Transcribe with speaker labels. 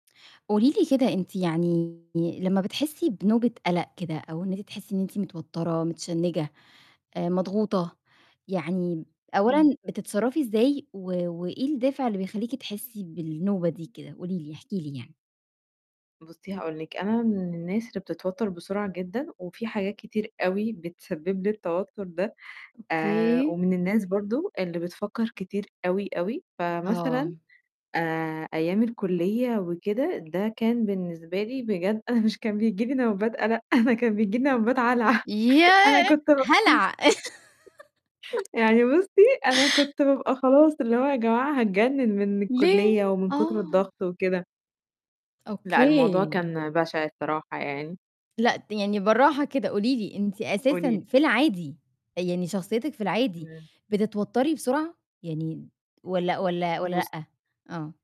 Speaker 1: قولي لي كده، أنتِ يعني لمّا بتحسي بنُوبة قَلَق كده، أو إن أنتِ تحسي إن أنتِ متوترة، متشنجة، مضغوطة، يعني
Speaker 2: إمم.
Speaker 1: أولًا بتتصرَّفي إزاي، و وإيه الدافع اللي بيخليكِ تحسي بالنوبة دي كده؟ قولي لي، احكي لي يعني.
Speaker 2: بُصّي، هاقول لِك، أنا من الناس اللي بتتوتر بسرعة جدًا، وفي حاجات كتير أوي بتسبب لي التوتر ده، آآ،
Speaker 1: أوكي.
Speaker 2: ومن الناس برضه اللي بتفكر كتير أوي، أوي،
Speaker 1: آه.
Speaker 2: فمثلًا آآ، أيام الكُلِّية وكده، ده كان بالنسبة لي بجد أنا مش كان بييجي لي نوبات قَلَق، أنا أنا كان بييجي لي نوبات هلع أنا
Speaker 1: ياه!
Speaker 2: كنت
Speaker 1: هلع.
Speaker 2: يعني بُصّي، أنا كنت بابقى خلاص، اللي هو يا جماعة هاتجنن من
Speaker 1: ليه؟
Speaker 2: الكُلِّية، ومن كُتر
Speaker 1: آه.
Speaker 2: الضغط وكده. لأ، الموضوع
Speaker 1: أوكي.
Speaker 2: كان بشع الصراحة يعني.
Speaker 1: لأ، ت يعني براحة كده، قولي لي أنتِ
Speaker 2: قولي
Speaker 1: أساسًا
Speaker 2: لي.
Speaker 1: في العادي، يعني شخصيتِك في العادي
Speaker 2: إمم.
Speaker 1: بتتوتري بسرعة، يعني والّا والّا والّا
Speaker 2: بُصّ
Speaker 1: لأ؟ آه.